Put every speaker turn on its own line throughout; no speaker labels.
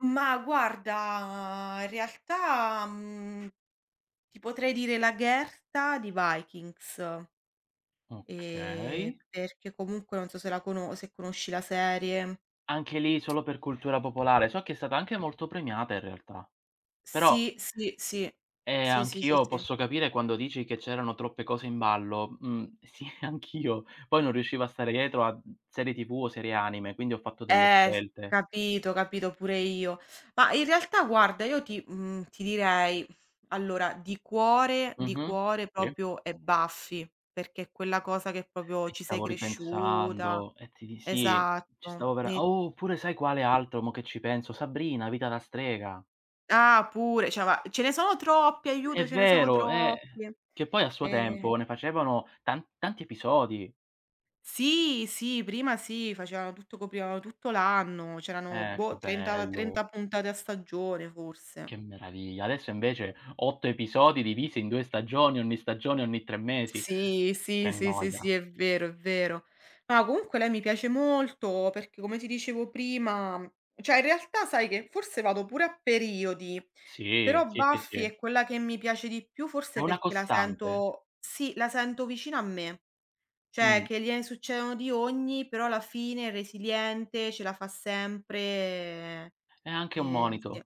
Ma guarda, in realtà, mhmm, ti potrei dire Lagertha di Vikings. Ehm,
Okay.
perché comunque, non so se la cono se conosci la serie
Anche lì solo per cultura popolare. So che è stata anche molto premiata, in realtà. Però
Sì, sì, sì.
Ehm,
Sì, sì, sì,
anch'io
sì.
posso capire quando dici che c'erano troppe cose in ballo. Mh, sì, anch'io, poi non riuscivo a stare dietro a mhmm, serie TV o serie anime, quindi ho fatto delle
Eh, s
scelte.
capito, capito, pure io. Mah, in realtà guarda io ti mhmm, ti direi, allora di cuore di
Mh-mh.
cuore
Sì.
proprio è Buffy, perché è quella cosa che proprio
Ci
ci sei
stavo
cresciuta.
ripensando e ti di sì, ci
Esatto,
stavo vera
e
oh, oppure sai quale altro mo che ci penso? "Sabrina, vita da strega".
Ah, pure. Cioè, ma ce ne sono troppe,
È
aiuto, ce ne sono
vero, eh,
troppe.
che poi a suo
Ehm
tempo ne facevano tan tanti episodi.
Sì, sì, prima sì, facevano tutto coprivano tutto l'anno, c'erano
Eh, che
boh 30,
bello.
30 puntate a stagione, forse.
Che meraviglia. Adesso invece 8 episodi divisi in 2 stagioni, ogni stagione ogni 3 mesi.
Sì, sì,
Che
sì, sì,
noia.
sì, è vero, è vero. No, comunque lei mi piace molto, perché come ti dicevo prima cioè, in realtà sai che forse vado pure a periodi.
Sì,
Però
sì, sì,
Buffy
sì.
è quella che mi piace di più,
È
forse
una
perché la
costante.
sento sì, la sento vicina a me. Cioè,
Mh.
che gliene succedono di ogni, però alla fine è resiliente, ce la fa sempre.
È anche un
Eh, e sì.
monito.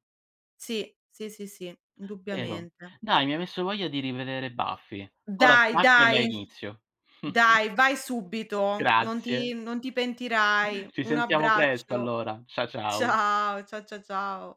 Sì, sì, sì, sì,
Vero.
indubbiamente.
Dai, mi hai messo voglia di rivedere Buffy. Ora
Dai,
stacco e la
dai
inizio.
dai, vai subito. Non
Grazie.
ti non ti pentirai.
Ci
Un
sentiamo presto
abbraccio.
allora. Cia ciao.
Ciao, cia cia ciao.